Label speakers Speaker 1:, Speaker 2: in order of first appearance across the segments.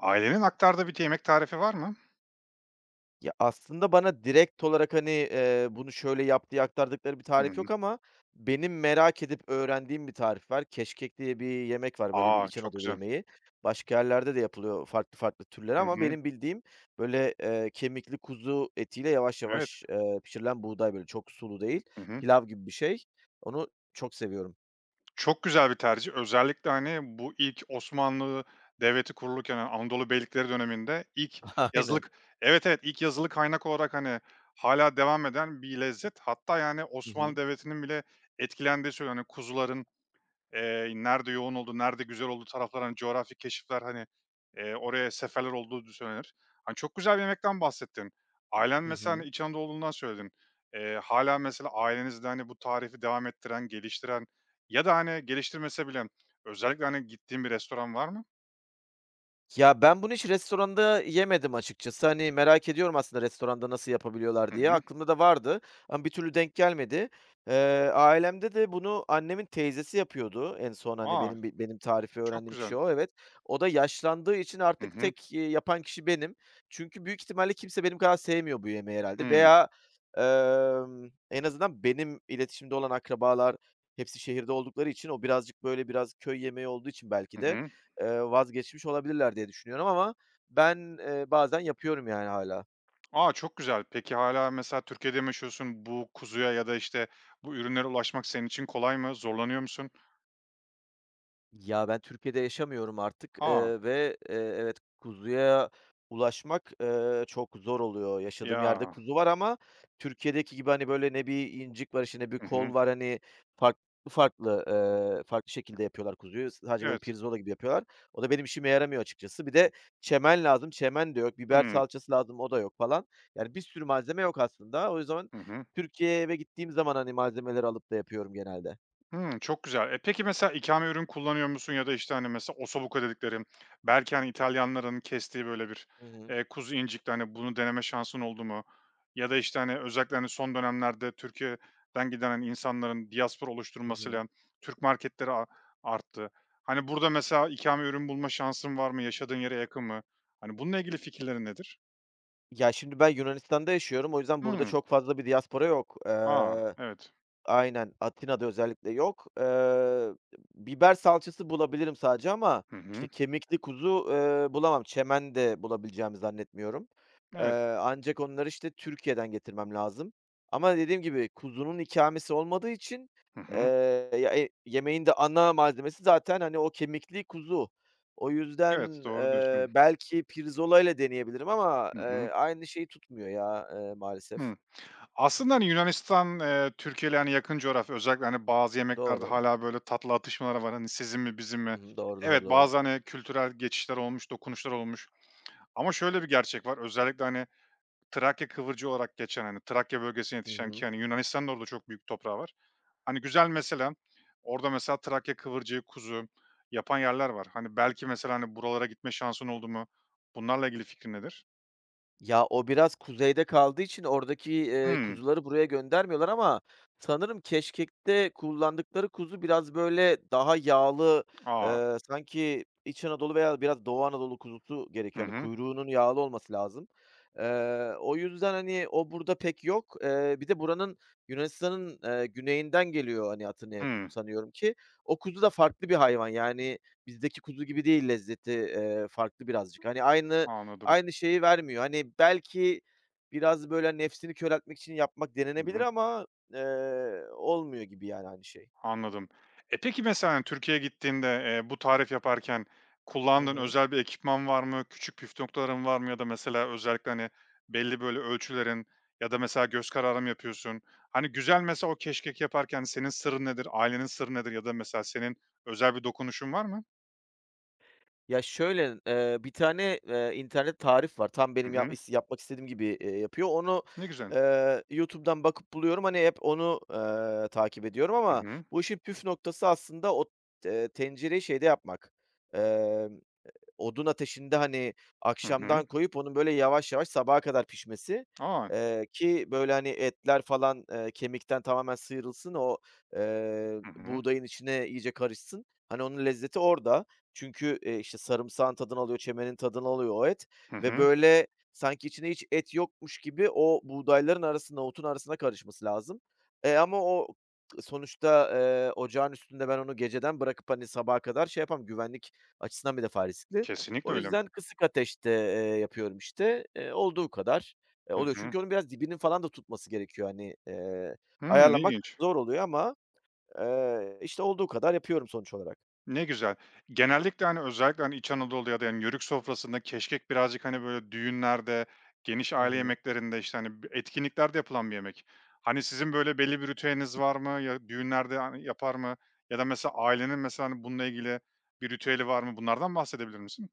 Speaker 1: Ailenin aktardığı bir t yemek tarifi var mı?
Speaker 2: Ya, aslında bana direkt olarak, hani, eee, bunu şöyle yap diye aktardıkları bir tarif yok
Speaker 1: Hımm.
Speaker 2: ama benim merak edip öğrendiğim bir tarif var. Keşkek diye bir yemek var, böyle, bir
Speaker 1: A!
Speaker 2: İç
Speaker 1: Çok
Speaker 2: Anadolu
Speaker 1: güzel.
Speaker 2: yemeği. Başka yerlerde de yapılıyor farklı farklı türleri
Speaker 1: Hı
Speaker 2: ama
Speaker 1: hı.
Speaker 2: benim bildiğim, böyle, eee, kemikli kuzu etiyle yavaş
Speaker 1: Evet.
Speaker 2: yavaş, eee, pişirilen buğday, böyle, çok sulu değil,
Speaker 1: Hı hı.
Speaker 2: pilav gibi bir şey, onu çok seviyorum.
Speaker 1: Çok güzel bir tercih. Özellikle, hani, bu ilk Osmanlı Devleti kurulurken, hani, Anadolu beylikleri döneminde ilk yazılı
Speaker 2: Aynen.
Speaker 1: k Evet, evet, ilk yazılı kaynak olarak, hani, hâlâ devam eden bir lezzet hatta yani
Speaker 2: Hı
Speaker 1: Osmanlı
Speaker 2: hı.
Speaker 1: Devleti'nin bile etkilendiği söyleniyor. Hani, kuzuların, eee, nerede yoğun olduğu, nerede güzel olduğu taraflara, hani, coğrafi keşifler, hani, eee, oraya seferler olduğu du söylenir. Hani, çok güzel bir yemekten bahsettin. Ailen
Speaker 2: Hı
Speaker 1: mesela, hani,
Speaker 2: hı.
Speaker 1: İç Anadolulu olduğundan söyledin. Eee, hâlâ mesela ailenizde, hani, bu tarifi devam ettiren, geliştiren ya da, hani, geliştirmese bile özellikle, hani, gittiğin bir restoran var mı?
Speaker 2: Ya, ben bunu hiç restoranda yemedim açıkçası, hani, merak ediyorum aslında restoranda nasıl yapabiliyorlar
Speaker 1: Hı
Speaker 2: diye.
Speaker 1: hı.
Speaker 2: Aklımda da vardı ama bir türlü denk gelmedi. Eee, ailemde de bunu annemin teyzesi yapıyordu en son, hani,
Speaker 1: A!
Speaker 2: benim bi benim tarifi
Speaker 1: Çok
Speaker 2: öğrendiğim
Speaker 1: güzel.
Speaker 2: kişi o, evet. O da yaşlandığı için
Speaker 1: Hı
Speaker 2: artık
Speaker 1: hı.
Speaker 2: tek, eee, yapan kişi benim. Çünkü büyük ihtimalle kimse benim kadar sevmiyor bu yemeği herhâlde.
Speaker 1: Hımm.
Speaker 2: Veya, emm, en azından benim iletişimde olan akrabalar hepsi şehirde oldukları için o birazcık, böyle, biraz köy yemeği olduğu için belki
Speaker 1: Hı
Speaker 2: de,
Speaker 1: hı.
Speaker 2: eee, vazgeçmiş olabilirler diye düşünüyorum ama ben, eee, bazen yapıyorum yani hâlâ.
Speaker 1: A! Çok güzel. Peki hâlâ mesela Türkiye'de mi yaşıyorsun? Bu kuzuya ya da, işte, bu ürünlere ulaşmak senin için kolay mı, zorlanıyor musun?
Speaker 2: Ya, ben Türkiye'de yaşamıyorum artık,
Speaker 1: Ha!
Speaker 2: eee, ve, eee, evet kuzuya ulaşmak, eee, çok zor oluyor. Yaşadığım yerde
Speaker 1: Ya!
Speaker 2: kuzu var ama Türkiye'deki gibi, hani, böyle, ne bir incik var, işte, ne bir
Speaker 1: Hı
Speaker 2: kol
Speaker 1: hı.
Speaker 2: var, hani, farklı farklı, ııı, farklı şekilde yapıyorlar kuzuyu. Sadece böyle
Speaker 1: Evet.
Speaker 2: pirzola gibi yapıyorlar. O da benim işime yaramıyor açıkçası. Bir de çemen lazım, çemen de yok; biber
Speaker 1: Hımm.
Speaker 2: salçası lazım, o da yok falan. Yani, bir sürü malzeme yok aslında. O yüzden
Speaker 1: Hı hı.
Speaker 2: Türkiye'ye eve gittiğim zaman, hani, malzemeleri alıp da yapıyorum genelde.
Speaker 1: Hımm. Çok güzel. E, peki mesela ikame ürün kullanıyor musun? Ya da, işte, hani, mesela ossobuco dedikleri belki, hani, İtalyanların kestiği böyle bir,
Speaker 2: Hı hı.
Speaker 1: eee, kuzu incikti, hani, bunu deneme şansın oldu mu? Ya da, işte, hani, özellikle, hani, son dönemlerde Türkiye'den giden insanların diaspora
Speaker 2: Hı hı.
Speaker 1: oluşturmasıyla Türk marketleri a arttı. Hani, burada mesela ikame ürün bulma şansın var mı? Yaşadığın yere yakın mı? Hani, bununla ilgili fikirlerin nedir?
Speaker 2: Ya, şimdi ben Yunanistan'da yaşıyorum o yüzden burada
Speaker 1: Hımm.
Speaker 2: çok fazla bir diaspora yok,
Speaker 1: A!
Speaker 2: eee
Speaker 1: Evet.
Speaker 2: Aynen. Atina'da özellikle yok. Eee, biber salçası bulabilirim sadece ama,
Speaker 1: Hı
Speaker 2: işte,
Speaker 1: hı.
Speaker 2: kemikli kuzu, eee, bulamam, çemen de bulabileceğimi zannetmiyorum. Eee,
Speaker 1: Evet.
Speaker 2: ancak onları, işte, Türkiye'den getirmem lazım. Ama dediğim gibi kuzunun ikamesi olmadığı için,
Speaker 1: Hı
Speaker 2: eee,
Speaker 1: hı.
Speaker 2: ya, eee, yemeğin de ana malzemesi zaten, hani, o kemikli kuzu. O
Speaker 1: Evet.
Speaker 2: yüzden,
Speaker 1: Doğru
Speaker 2: eee,
Speaker 1: diyorsun.
Speaker 2: belki pirzolayla deneyebilirim ama,
Speaker 1: Hı
Speaker 2: eee,
Speaker 1: hı.
Speaker 2: aynı şeyi tutmuyor ya, eee, maalesef.
Speaker 1: Hıı. Aslında, hani, Yunanistan, eee, Türkiye ile, hani, yakın coğrafya. Özellikle bazı yemeklerde
Speaker 2: Doğru.
Speaker 1: hâlâ böyle tatlı atışmalar var. Hani, sizin mi bizim
Speaker 2: Hı
Speaker 1: mi?
Speaker 2: hı. Doğru,
Speaker 1: Evet,
Speaker 2: doğru, doğru.
Speaker 1: bazı, hani, kültürel geçişler olmuş, dokunuşlar olmuş. Ama şöyle bir gerçek var: Özellikle, hani, Trakya kıvırcığı olarak geçen, hani, Trakya bölgesinde
Speaker 2: Hı
Speaker 1: yetişen
Speaker 2: hı.
Speaker 1: ki, hani, Yunanistan'ın da orada çok büyük toprağı var. Hani, güzel mesela orada mesela Trakya kıvırcığı kuzu yapan yerler var. Hani, belki mesela, hani, buralara gitme şansın oldu mu? Bunlarla ilgili fikrin nedir?
Speaker 2: Ya, o biraz kuzeyde kaldığı için oradaki, eee,
Speaker 1: Hımm.
Speaker 2: kuzuları buraya göndermiyorlar ama sanırım keşkekte kullandıkları kuzu biraz böyle daha yağlı,
Speaker 1: A!
Speaker 2: eee, sanki İç Anadolu veya biraz Doğu Anadolu kuzusu
Speaker 1: Hı
Speaker 2: gerekiyor, hani,
Speaker 1: hı.
Speaker 2: kuyruğunun yağlı olması lazım. Eee, o yüzden, hani, o burada pek yok, eee, bir de buranın Yunanistan'ın, eee, güneyinden geliyor, hani, Atina'ya kuzu
Speaker 1: Hımm.
Speaker 2: sanıyorum ki. O kuzu da farklı bir hayvan yani bizdeki kuzu gibi değil lezzeti, eee, farklı birazcık. Hani, aynı
Speaker 1: Anladım.
Speaker 2: aynı şeyi vermiyor. Hani, belki biraz, böyle, nefsini köreltmek için yapmak
Speaker 1: Hı
Speaker 2: denenebilir
Speaker 1: hı.
Speaker 2: ama, eee, olmuyor gibi yani aynı şey.
Speaker 1: Anladım. E, peki mesela, hani, Türkiye'ye gittiğinde, eee, bu tarifi yaparken
Speaker 2: Hı
Speaker 1: kullandığın
Speaker 2: hı.
Speaker 1: özel bir ekipman var mı? Küçük püf noktaların var mı? Ya da mesela özellikle, hani, belli böyle ölçülerin ya da mesela göz kararı mı yapıyorsun? Hani, güzel mesela o keşkek yaparken senin sırrın nedir? Ailenin sırrı nedir? Ya da mesela senin özel bir dokunuşun var mı?
Speaker 2: Ya, şöyle: Eee, bir tane, eee, internet tarif var. Tam
Speaker 1: Hı
Speaker 2: benim yap
Speaker 1: hı.
Speaker 2: is yapmak istediğim gibi, eee, yapıyor. Onu,
Speaker 1: Ne güzel.
Speaker 2: eee, YouTube'dan bakıp buluyorum. Hani, hep onu, eee, takip ediyorum
Speaker 1: Hı
Speaker 2: ama
Speaker 1: hı.
Speaker 2: bu işin püf noktası aslında o te tencereyi şeyde yapmak, eee, odun ateşinde, hani,
Speaker 1: Hı hı.
Speaker 2: akşamdan koyup onun böyle yavaş yavaş sabaha kadar pişmesi.
Speaker 1: A!
Speaker 2: Eee, ki, böyle, hani, etler falan, eee, kemikten tamamen sıyrılsın o, eee,
Speaker 1: Hı hı.
Speaker 2: buğdayın içine iyice karışsın. Hani, onun lezzeti orada çünkü, e, işte, sarımsağın tadını alıyor, çemenin tadını alıyor o et
Speaker 1: Hı
Speaker 2: ve,
Speaker 1: hı.
Speaker 2: böyle, sanki içinde hiç et yokmuş gibi o buğdayların arasında, otun arasına karışması lazım. E, ama o sonuçta, eee, ocağın üstünde ben onu geceden bırakıp, hani, sabaha kadar şey yapamam. Güvenlik açısından bir defa riskli. O
Speaker 1: Kesinlikle öyle.
Speaker 2: yüzden kısık ateşte, eee, yapıyorum işte. E, olduğu kadar
Speaker 1: Hı
Speaker 2: oluyor.
Speaker 1: hı.
Speaker 2: Çünkü onun biraz dibinin falan da tutması gerekiyor, hani, eee,
Speaker 1: Hımm,
Speaker 2: ayarlamak
Speaker 1: ilginç.
Speaker 2: zor oluyor ama, eee, işte, olduğu kadar yapıyorum sonuç olarak.
Speaker 1: Ne güzel. Genellikle, hani, özellikle, hani, İç Anadolu ya da Yörük sofrasında keşkek birazcık, hani, böyle, düğünlerde, geniş
Speaker 2: Hı
Speaker 1: aile
Speaker 2: hı.
Speaker 1: yemeklerinde, işte, hani, etkinliklerde yapılan bir yemek. Hani sizin böyle belli bir ritüeliniz var mı? Ya da düğünlerde a yapar mı? Ya da mesela ailenin, mesela, bununla ilgili bir ritüeli var mı? Bunlardan bahsedebilir misin?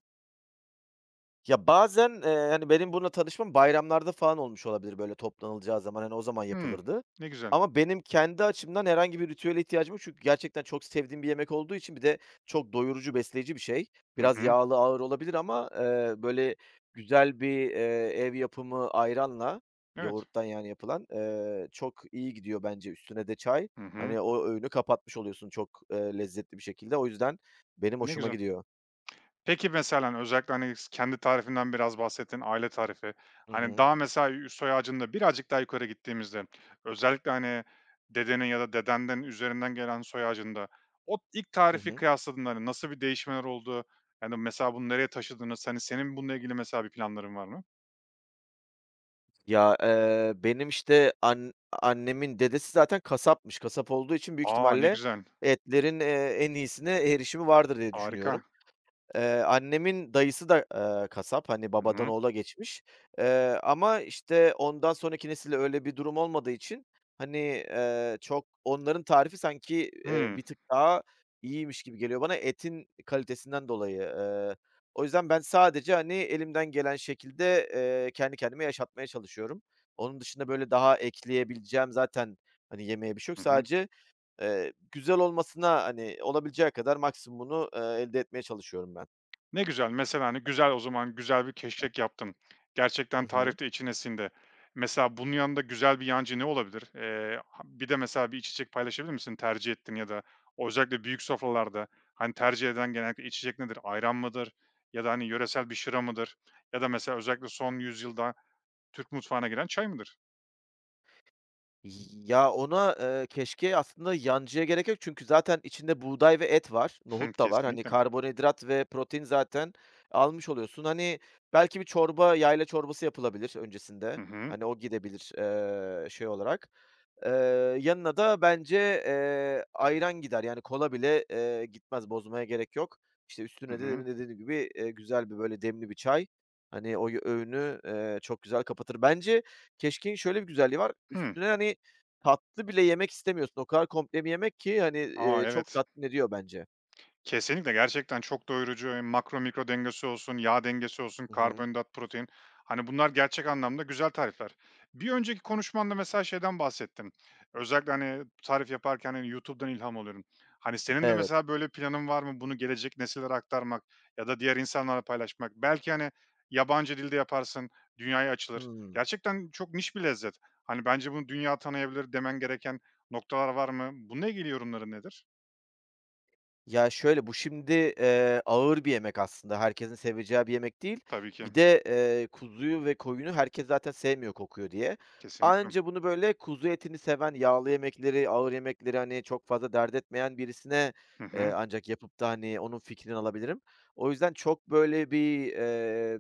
Speaker 2: Ya, bazen, eee, hani, benim bununla tanışmam bayramlarda falan olmuş olabilir, böyle, toplanılacağı zaman, hani, o zaman
Speaker 1: Hıı.
Speaker 2: yapılırdı.
Speaker 1: Ne güzel.
Speaker 2: Ama benim kendi açımdan herhangi bir ritüele ihtiyacım yok. Çünkü gerçekten çok sevdiğim bir yemek olduğu için bir de çok doyurucu besleyici bir şey.
Speaker 1: Hı
Speaker 2: Biraz
Speaker 1: hı.
Speaker 2: yağlı, ağır olabilir ama, eee, böyle güzel bir, eee, ev yapımı ayranla
Speaker 1: Evet.
Speaker 2: yoğurttan, yani, yapılan, eee, çok iyi gidiyor bence. Üstüne de çay.
Speaker 1: Hı hı.
Speaker 2: Hani, o öğünü kapatmış oluyorsun çok, eee, lezzetli bir şekilde. O yüzden benim
Speaker 1: Ne
Speaker 2: hoşuma
Speaker 1: güzel.
Speaker 2: gidiyor.
Speaker 1: Peki mesela, hani, özellikle, hani, s kendi tarifinden biraz bahsettin. Aile tarifi.
Speaker 2: Hı
Speaker 1: Hani,
Speaker 2: hı.
Speaker 1: daha mesela üst soy ağacında birazcık daha yukarı gittiğimizde, özellikle, hani, dedenin ya da dedenden üzerinden gelen soy ağacında, o ilk
Speaker 2: Hı
Speaker 1: tarifi
Speaker 2: hı.
Speaker 1: kıyasladığında nasıl bir değişmeler oldu? Hani, mesela bunu nereye taşıdınız? Hani, senin bununla ilgili mesela, bir planların var mı?
Speaker 2: Ya, eee, benim, işte, an annemin dedesi zaten kasapmış, kasap olduğu için büyük
Speaker 1: A, ne
Speaker 2: ihtimalle
Speaker 1: güzel.
Speaker 2: etlerin, eee, en iyisine erişimi vardır diye
Speaker 1: Harika.
Speaker 2: düşünüyorum. Eee, annemin dayısı da, eee, kasap, hani,
Speaker 1: Hı
Speaker 2: babadan
Speaker 1: hı.
Speaker 2: oğula geçmiş. Eee, ama işte, ondan sonraki nesilde öyle bir durum olmadığı için hani, eee, çok onların tarifi sanki, eee,
Speaker 1: Hımm.
Speaker 2: bir tık daha iyiymiş gibi geliyor bana etin kalitesinden dolayı, eee O yüzden ben sadece, hani, elimden gelen şekilde, eee, kendi kendime yaşatmaya çalışıyorum. Onun dışında böyle, daha ekleyebileceğim zaten, hani, yemeye bir şey yok.
Speaker 1: Hı hı.
Speaker 2: Sadece, eee, güzel olmasına, hani, olabileceği kadar maksimumunu, eee, elde etmeye çalışıyorum ben.
Speaker 1: Ne güzel. Mesela, hani, güzel o zaman, güzel bir keşkek yaptın,
Speaker 2: Hı
Speaker 1: gerçekten
Speaker 2: hı.
Speaker 1: tarifte içine sindi. Mesela, bunun yanında güzel bir yancı ne olabilir? Eee, ha bir de mesela bir içecek paylaşabilir misin? Tercih ettiğin ya da özellikle büyük sofralarda, hani, tercih edilen genellikle içecek nedir? Ayran mıdır ya da, hani, yöresel bir şıra mıdır ya da mesela özellikle son yüzyılda Türk mutfağına giren çay mıdır?
Speaker 2: Y ya, ona, eee, keşkeğe aslında yancıya gerek yok; çünkü zaten içinde buğday ve et var, nohut da var. Hani,
Speaker 1: Kesinlikle.
Speaker 2: karbonhidrat ve protein zaten almış oluyorsun. Hani, belki bir çorba, yayla çorbası yapılabilir öncesinde,
Speaker 1: Hı hı.
Speaker 2: hani o gidebilir, eee, şey olarak. Eee, yanına da bence, eee, ayran gider; yani kola bile, eee, gitmez, bozmaya gerek yok. İşte,
Speaker 1: Hı
Speaker 2: üstüne
Speaker 1: hı.
Speaker 2: demin de dediğim gibi, eee, güzel bir böyle demli bir çay, hani oy öğünü, eee, çok güzel kapatır. Bence, keşkeğin şöyle bir güzelliği var.
Speaker 1: Hı.
Speaker 2: Üstüne, hani, tatlı bile yemek istemiyorsun; o kadar komple bir yemek ki, hani,
Speaker 1: A,
Speaker 2: eee, çok
Speaker 1: evet.
Speaker 2: tatmin ediyor bence.
Speaker 1: Kesinlikle, gerçekten çok doyurucu, hem makro, mikro dengesi olsun, yağ dengesi olsun,
Speaker 2: Hı hı.
Speaker 1: karbonhidrat, protein; hani, bunlar gerçek anlamda güzel tarifler. Bir önceki konuşmanda mesela şeyden bahsettin, özellikle, hani, tarif yaparken, hani, YouTube'dan ilham alıyorum. Hani, senin de
Speaker 2: Evet.
Speaker 1: mesela böyle planın var mı; bunu gelecek nesillere aktarmak ya da diğer insanlarla paylaşmak? Belki, hani, yabancı dilde yaparsın, dünyaya açılır;
Speaker 2: Hıı.
Speaker 1: gerçekten çok niş bir lezzet. Hani, bence bunu dünya tanıyabilir demen gereken noktalar var mı? Bununla ilgili yorumların nedir?
Speaker 2: Ya, şöyle: Bu şimdi, eee, ağır bir yemek aslında, herkesin seveceği bir yemek değil.
Speaker 1: Tabii ki.
Speaker 2: Bir de, eee, kuzuyu ve koyunu herkes zaten sevmiyor kokuyor diye.
Speaker 1: Kesinlikle.
Speaker 2: Anca bunu, böyle, kuzu etini seven, yağlı yemekleri, ağır yemekleri, hani, çok fazla dert etmeyen birisine,
Speaker 1: Hı
Speaker 2: eee,
Speaker 1: hı.
Speaker 2: ancak yapıp da, hani, onun fikrini alabilirim. O yüzden çok, böyle, bir, eee,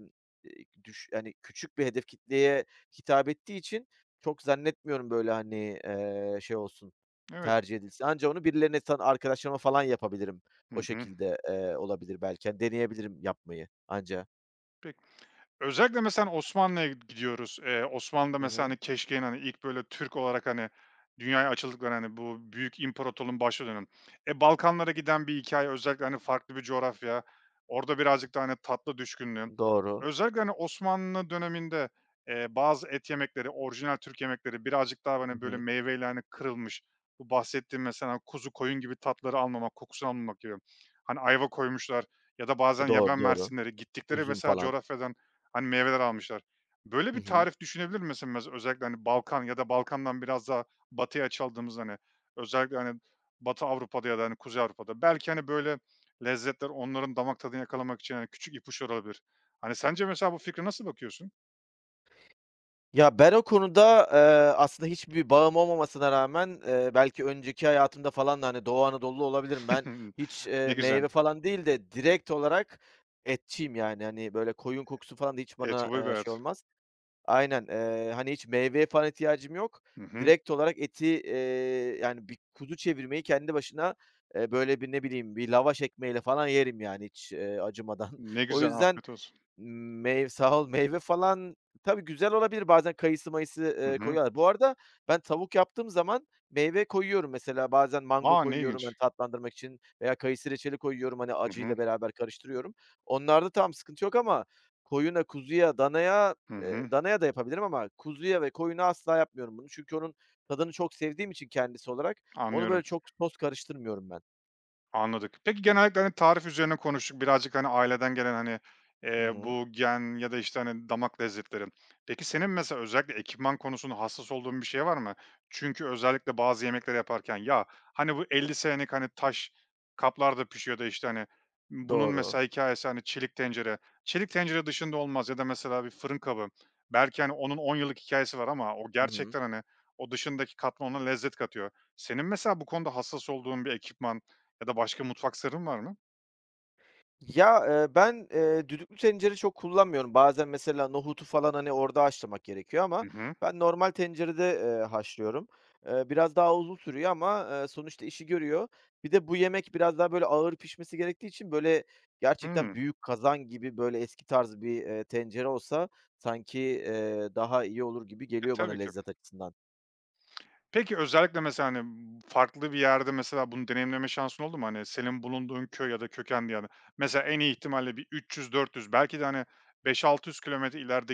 Speaker 2: düş hani, küçük bir hedef kitleye hitap ettiği için çok zannetmiyorum, böyle, hani, ııı, şey olsun
Speaker 1: Evet.
Speaker 2: tercih edilsin. Ancak onu birilerine, sana arkadaşlarıma falan yapabilirim.
Speaker 1: Hı
Speaker 2: O
Speaker 1: hı.
Speaker 2: şekilde, eee, olabilir belki. Hani, deneyebilirim yapmayı anca.
Speaker 1: Pek Özellikle mesela Osmanlı'ya gi gidiyoruz. Eee, Osmanlı'da,
Speaker 2: Hı
Speaker 1: mesela,
Speaker 2: hı.
Speaker 1: hani, keşkeğin, hani, ilk, böyle, Türk olarak, hani, dünyaya açıldıklarını, hani, bu büyük imparatorluğunun başladığı dönem. E, Balkanlara giden bir hikâye özellikle, hani, farklı bir coğrafya orada birazcık daha, hani, tatlı düşkünlüğü.
Speaker 2: Doğru.
Speaker 1: Özellikle, hani, Osmanlı döneminde, eee, bazı et yemekleri orijinal Türk yemekleri birazcık
Speaker 2: Hı
Speaker 1: daha, böyle,
Speaker 2: hı.
Speaker 1: meyveyle kırılmış bu bahsettiğim mesela kuzu koyun gibi tatları almamak, kokusu almamak gibi. Hani, ayva koymuşlar ya da bazen
Speaker 2: E, doğru,
Speaker 1: yaban
Speaker 2: doğru.
Speaker 1: mersinleri... Gittikleri
Speaker 2: Üzüm
Speaker 1: mesela
Speaker 2: falan.
Speaker 1: coğrafyadan, hani, meyveler almışlar. Böyle
Speaker 2: Hı
Speaker 1: bir
Speaker 2: hı.
Speaker 1: tarif düşünebilir mi? Mese mez özellikle Balkan ya da Balkan'dan biraz daha batıya açıldığımız, hani, özellikle, hani, Batı Avrupa'da ya da, hani, Kuzey Avrupa'da belki, hani, böyle lezzetler onların damak tadını yakalamak için, hani, küçük ipuçları olabilir. Hani, sence mesela bu fikre nasıl bakıyorsun?
Speaker 2: Ya, ben o konuda, eee, aslında hiçbir bağım olmamasına rağmen, eee, belki önceki hayatımda falan da, hani, Doğu Anadolu'lu olabilirim. Ben hiç, eee,
Speaker 1: Ne güzel.
Speaker 2: meyve falan değil de direkt olarak etçiyim. Yani, hani, böyle koyun kokusu falan da hiç bana,
Speaker 1: Etobur bir
Speaker 2: eee, şey
Speaker 1: hayat.
Speaker 2: olmaz. Aynen, eee, hani, hiç meyveye falan ihtiyacım yok.
Speaker 1: Hı hı.
Speaker 2: Direkt olarak eti, eee, yani bir kuzu çevirmeyi kendi başına, eee, böyle bir ne bileyim, bir lavaş ekmeğiyle falan yerim yani hiç, eee, acımadan.
Speaker 1: Ne
Speaker 2: O
Speaker 1: güzel.
Speaker 2: yüzden
Speaker 1: Afiyet olsun.
Speaker 2: meyv sağ ol, meyve falan tabii güzel olabilir bazen kayısı mayısı,
Speaker 1: Hı
Speaker 2: eee,
Speaker 1: hı.
Speaker 2: koyuyorlar. Bu arada ben tavuk yaptığım zaman, meyve koyuyorum mesela bazen mango
Speaker 1: A! Ne
Speaker 2: koyuyorum. Hani,
Speaker 1: ilginç.
Speaker 2: tatlandırmak için veya kayısı reçeli koyuyorum, hani,
Speaker 1: Hı hı.
Speaker 2: acıyla beraber karıştırıyorum. Onlarda tamam sıkıntı yok ama koyuna, kuzuya, danaya,
Speaker 1: Hı
Speaker 2: eee,
Speaker 1: hı.
Speaker 2: danaya da yapabilirim ama kuzuya ve koyuna asla yapmıyorum bunu. Çünkü onun tadını çok sevdiğim için kendisi olarak onu, böyle,
Speaker 1: Anlıyorum.
Speaker 2: çok sos karıştırmıyorum ben.
Speaker 1: Anladık. Peki, genellikle, hani, tarif üzerine konuştuk birazcık, hani, aileden gelen, hani,
Speaker 2: Hı
Speaker 1: eee,
Speaker 2: hı.
Speaker 1: bu gen ya da, işte, hani, damak lezzetleri. Peki, senin mesela özellikle ekipman konusunda, hassas olduğun bir şey var mı? Çünkü özellikle bazı yemekleri yaparken ya, hani, bu 50 senelik, hani, taş kaplarda pişiyor da, işte, hani, bunun
Speaker 2: Doğru.
Speaker 1: mesela hikâyesi, hani, çelik tencere. Çelik tencere dışında olmaz ya da mesela bir fırın kabı belki, hani, onun 10 yıllık hikâyesi var ama o
Speaker 2: Hı hı.
Speaker 1: gerçekten, hani, o dışındaki kap da ona lezzet katıyor. Senin mesela bu konuda hassas olduğun bir ekipman ya da başka mutfak sırrın var mı?
Speaker 2: Ya, eee, ben, eee, düdüklü tencere çok kullanmıyorum. Bazen mesela nohutu falan, hani, orada haşlamak gerekiyor ama
Speaker 1: I hı.
Speaker 2: ben normal tencerede, eee, haşlıyorum. Eee, biraz daha uzun sürüyor ama, ııı, sonuçta işi görüyor. Bir de bu yemek biraz daha böyle ağır pişmesi gerektiği için, böyle, gerçekten
Speaker 1: Hıı.
Speaker 2: büyük kazan gibi, böyle, eski tarz bir, eee, tencere olsa sanki, eee, daha iyi olur gibi
Speaker 1: E,
Speaker 2: geliyor bana
Speaker 1: tabii ki.
Speaker 2: lezzet açısından.
Speaker 1: Peki özellikle, mesela, hani, uuu, farklı bir yerde mesela bunu deneyimleme şansın oldu mu? Hani, senin bulunduğun köy ya da kökende yani. Mesela, en iyi ihtimalle bir 300-400 belki de, hani, 5 600 kilometre ileride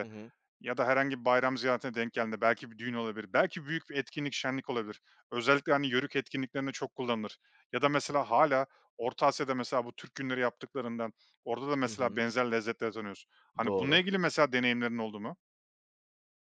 Speaker 2: Hı hı.
Speaker 1: ya da herhangi bir bayram ziyaretine denk geldiğinde; belki bir düğün olabilir, belki büyük bir etkinlik, şenlik olabilir. Özellikle, hani, Yörük etkinliklerinde çok kullanılır. Ya da mesela hâlâ Orta Asya'da mesela bu Türk günleri yaptıklarında, orada da
Speaker 2: Hı
Speaker 1: mesela
Speaker 2: hı.
Speaker 1: benzer lezzetleri tanıyoruz. Hani, bununla
Speaker 2: Doğru.
Speaker 1: ilgili mesela deneyimlerin oldu mu?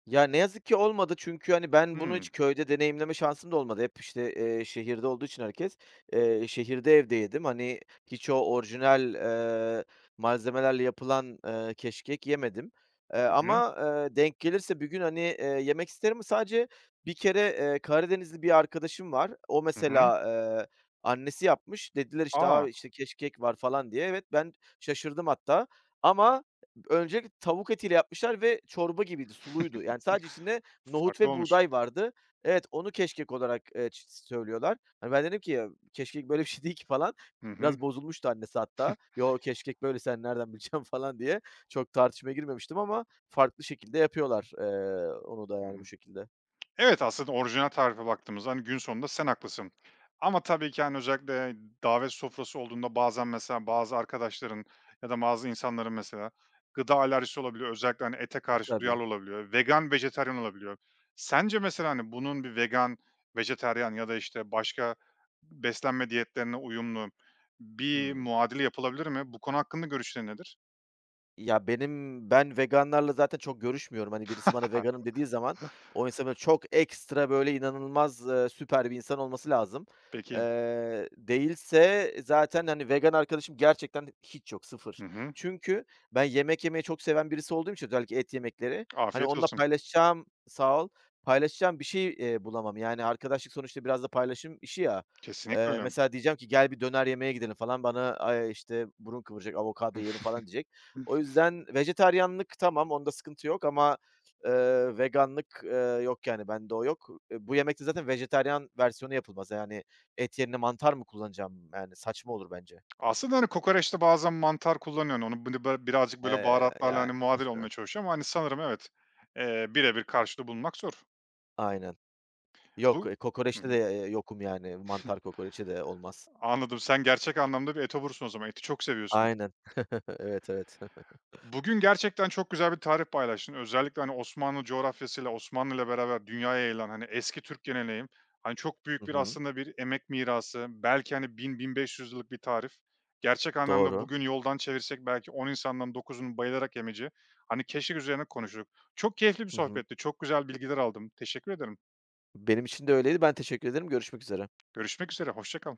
Speaker 2: Ya, ne yazık ki olmadı çünkü, hani, ben bunu hiç
Speaker 1: Hımm.
Speaker 2: köyde deneyimleme şansım da olmadı. Hep işte, eee, şehirde olduğu için herkes, eee, şehirde evde yedim. Hani, hiç o orijinal, eee, malzemelerle yapılan, ııı, keşkek yemedim. Eee,
Speaker 1: Hı hı.
Speaker 2: ama, eee, denk gelirse bir gün, hani, eee, yemek isterim ama sadece bir kere, eee, Karadenizli bir arkadaşım var, o
Speaker 1: Hı hı.
Speaker 2: mesela, eee, annesi yapmış. Dediler, işte,
Speaker 1: A!
Speaker 2: a, işte, keşkek var falan diye. Evet, ben şaşırdım hatta ama öncelikle tavuk etiyle yapmışlar ve çorba gibiydi, suluydu. Yani sadece içinde nohut
Speaker 1: Farklı
Speaker 2: ve
Speaker 1: olmuş.
Speaker 2: buğday vardı. Evet, onu keşkek olarak, eee, ç s söylüyorlar. Hani, ben dedim ki: "Ya, keşkek böyle bir şey değil ki." falan.
Speaker 1: Hı hı.
Speaker 2: Biraz bozulmuştu annesi hatta. "Yo, keşkek böyle, sen nereden bileceksin?" falan diye. Çok tartışmaya girmemiştim ama farklı şekilde yapıyorlar, eee, onu da
Speaker 1: Hı
Speaker 2: yani bu
Speaker 1: hı.
Speaker 2: şekilde.
Speaker 1: Evet, aslında orijinal tarife baktığımızda, hani, gün sonunda sen haklısın. Ama tabii ki, hani, özellikle davet sofrası olduğunda bazen mesela bazı arkadaşların ya da bazı insanların mesela gıda alerjisi olabiliyor özellikle, hani, ete
Speaker 2: E,
Speaker 1: karşı
Speaker 2: tabii.
Speaker 1: duyarlı olabiliyor, vegan, vejetaryen olabiliyor. Sence mesela, hani, bunun bir vegan, vejetaryen ya da, işte, başka b beslenme diyetlerine uyumlu bir
Speaker 2: Hımm.
Speaker 1: muadili yapılabilir mi? Bu konu hakkında görüşlerin nedir?
Speaker 2: Ya, benim ben veganlarla zaten çok görüşmüyorum. Hani, birisi bana "veganım" dediği zaman, o insanın çok ekstra, böyle, inanılmaz, eee, süper bir insan olması lazım.
Speaker 1: Peki.
Speaker 2: Eee, değilse zaten, hani, vegan arkadaşım gerçekten hiç yok 0.
Speaker 1: Hı hı.
Speaker 2: Çünkü ben yemek yemeyi çok seven birisi olduğum için özellikle et yemekleri, hani,
Speaker 1: Afiyet
Speaker 2: onunla
Speaker 1: olsun.
Speaker 2: paylaşacağım Sağ ol, paylaşacağım bir şey, eee, bulamam. Yani arkadaşlık sonuçta biraz da paylaşım işi ya.
Speaker 1: Kesinlikle
Speaker 2: Eee,
Speaker 1: öyle.
Speaker 2: mesela diyeceğim ki "Gel bir döner yemeğe gidelim." falan bana ay, işte, burun kıvıracak, "Avokado yiyelim." falan diyecek. O yüzden, vejetaryenlik tamam onda sıkıntı yok ama, ııı, veganlık, ııı, yok yani. Bende o yok. Eee, bu yemek de zaten vejetaryen versiyonu yapılmaz yani. Et yerine mantar mı kullanacağım? Yani saçma olur bence.
Speaker 1: Aslında, hani, kokoreçte bazen mantar kullanıyorsun onu bılı ba birazcık, böyle,
Speaker 2: Eee,
Speaker 1: baharatlarla,
Speaker 2: yani.
Speaker 1: hani, muadil olmaya çalışıyor ama sanırım, evet, eee, birebir karşılığı bulmak zor.
Speaker 2: Aynen. Yok,
Speaker 1: Bu
Speaker 2: eee,
Speaker 1: hı
Speaker 2: kokoreçte
Speaker 1: hı.
Speaker 2: de, eee, yokum yani. Mantar kokoreçe de olmaz.
Speaker 1: Anladım. Sen gerçek anlamda bir etobursun o zaman, eti çok seviyorsun.
Speaker 2: Aynen, evet, evet.
Speaker 1: Bugün gerçekten çok güzel bir tarif paylaştın. Özellikle, hani, Osmanlı coğrafyasıyla Osmanlı'yla beraber dünyaya yayılan, hani, eski Türk geleneği, hani, çok
Speaker 2: Hı
Speaker 1: büyük bir
Speaker 2: hı.
Speaker 1: aslında bir emek mirası belki, hani, 1000-1500 yıllık bir tarif. Gerçek anlamda
Speaker 2: Doğru.
Speaker 1: bugün yoldan çevirsek belki 10 insandan 9'unun bayılarak yemeyeceği, hani, keşkek üzerine konuştuk. Çok keyifli bir
Speaker 2: Hı hı.
Speaker 1: sohbetti çok güzel bilgiler aldım teşekkür ederim.
Speaker 2: Benim için de öyleydi, ben teşekkür ederim. Görüşmek üzere.
Speaker 1: Görüşmek üzere hoşça kal.